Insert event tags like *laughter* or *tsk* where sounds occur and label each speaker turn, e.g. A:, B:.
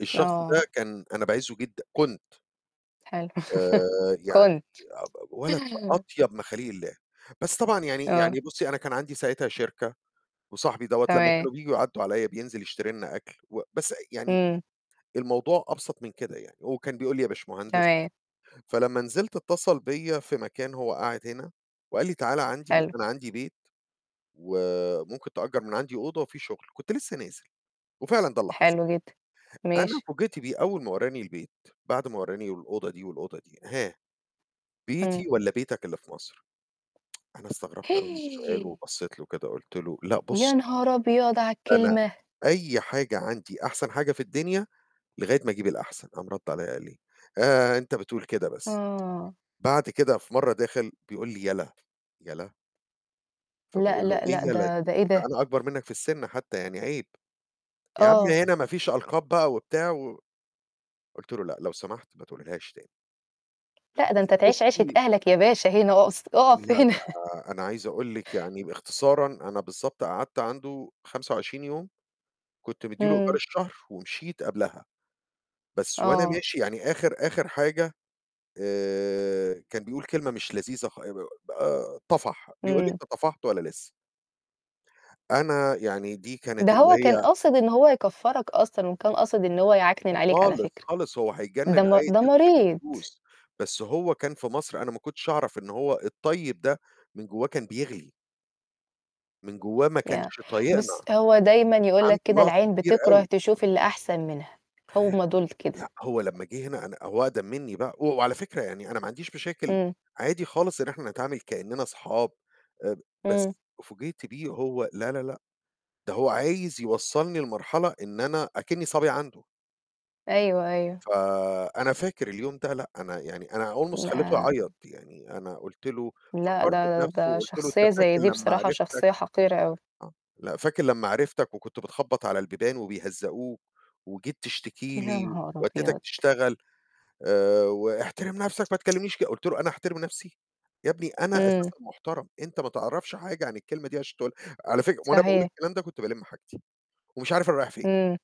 A: الشخص
B: آه.
A: ده كان أنا باعزُّه جدًا، كنت.
B: حلو، *laughs*
A: آآ يعني
B: كنت.
A: أ أب ولد أطيب مخاليق الله، بس طبعًا يعني
B: آه.
A: يعني بُصّي، أنا كان عندي ساعتها شركة، وصاحبي دوّة لمّا
B: تمام.
A: كانوا بييجوا يعدّوا عليّا بينزل يشتري لنا أكل و بس يعني
B: إمم.
A: الموضوع أبسط من كده يعني، هو كان بيقول لي يا باشمهدس،
B: تمام.
A: فلما نزلت اتَّصل بيّا في مكان هو قاعد هنا وقال لي: "تعالَ عندي
B: حلو.
A: أنا عندي بيت وممكن تأجّر من عندي أوضة وفي شُغل." كنت لسّه نازل وفعلًا ده اللي حصل.
B: حلو جدًا،
A: أنا
B: ماشي.
A: فوجئت بيه أول ما ورّاني البيت، بعد ما ورّاني الأوضة دي والأوضة دي، "ها،
B: إمم.
A: بيتي والّا بيتك اللي في مصر؟" *tsk* أنا استغربت أوي من السؤال
B: *gasps*
A: وبصّيت له كده قُلت له: "لأ، بُص"
B: يا نهار أبيض على
A: "أنا
B: الكلمة!
A: أي حاجة عندي أحسن حاجة في الدنيا لغاية ما أجيب الأحسن." قام رَد عليّا قال لي إيه: "آآ أنت بتقول كده بس."
B: آه.
A: بعد كده في مّرة داخل بيقول لي: "يلا." يلا!
B: لأ،
A: فباقول له:
B: لأ، لأ،
A: "إيه يلا
B: ده ده
A: دي؟
B: إيه
A: ده
B: ده؟!
A: أنا أكبر منّك في السِن حتّى يعني عيب." "يا عم
B: آه.
A: هنا ما فيش ألقاب بقى وبتاع و" قُلت له: "لأ، لو سمحت ما تقولهاش تاني."
B: لأ، ده أنت تعيش عيشة
A: بُصّي
B: أهلك يا باشا هنا أقص أُقَف
A: لأ
B: هنا.
A: ده أنا عايز أقول لِك يعني باختصارًا أنا بالضبط قعدت عنده 25 يوم كنت مِدّي له إيجار
B: إمم.
A: الشهر ومشيت قبلها. بس وأنا
B: آه.
A: ماشي يعني آخِر آخِر حاجة آآ كان بيقول كلمة مش لذيذة خ آآ ب آه طَفَح، بيقول لي:
B: إمم.
A: "أنت طفحت والّا لسّه؟" أنا يعني دي كانت
B: ده
A: اللي
B: هو
A: هي
B: كان قاصد إن هو يكفّرك أصلًا وكان قاصد إن هو يعكنن عليك على
A: خالص،
B: فكرة،
A: خالص هو هيتجنّن
B: ده م
A: عايز
B: ده
A: ياخد
B: مريض.
A: الفلوس، بس هو كان في مصر أنا ما كنتش أعرف إن هو الطيب ده من جوّاه كان بيغلي. من جوّاه ما
B: يا
A: كانش
B: بُص،
A: طايقنا.
B: هو دايمًا يقول
A: عنده
B: لك كده
A: نَقْص
B: العين
A: كبير
B: بتكره
A: أوي.
B: تشوف اللي أحسن منها، هم دُول
A: لأ،
B: كده.
A: هو لمّا جِه هنا أنا هو أقدم منّي بقى، هو وعلى فكرة يعني أنا ما عنديش مشاكل
B: إمم.
A: عادي خالص إن إحنا نتعامل كإنّنا أصحاب آآ
B: إمم.
A: بس فوجئت بيه هو لا، لا، لأ، ده هو عايز يوصّلني لمرحلة إن أنا أكِنّي صبي عنده.
B: أيوه، أيوه.
A: فأنا فاكر اليوم ده لأ، أنا يعني أنا almost خلّيته يعيّط،
B: *unintelligible*
A: يعني أنا قُلت له
B: لأ،
A: فكّرته
B: ده
A: بنَفْسه
B: ده
A: وقُلت له:
B: شخصية
A: "أنت
B: زي
A: فاكر
B: دي
A: لمّا
B: بصراحة
A: عرفتك"
B: شخصية حقيرة أوي.
A: آه، "لأ، فاكر لمّا عرفتك وكنت بتخبّط على البيبان وبيهزّقوك وجيت تشتكي
B: يا
A: لي
B: نهار
A: ودّيتك
B: أبيض!
A: تشتغل." آآ "واحترم نفسك ما تكلمنيش كده." قُلت له: "أنا أحترم نَفْسي! يا ابني أنا
B: إمم.
A: أساسًا محترم، أنت ما تعرفش حاجة عن الكلمة دي عشان تقولها." على فكرة وأنا باقول
B: صحيح.
A: الكلام ده كنت بالِم حاجتي ومش عارف أنا رايح فين.
B: إمم.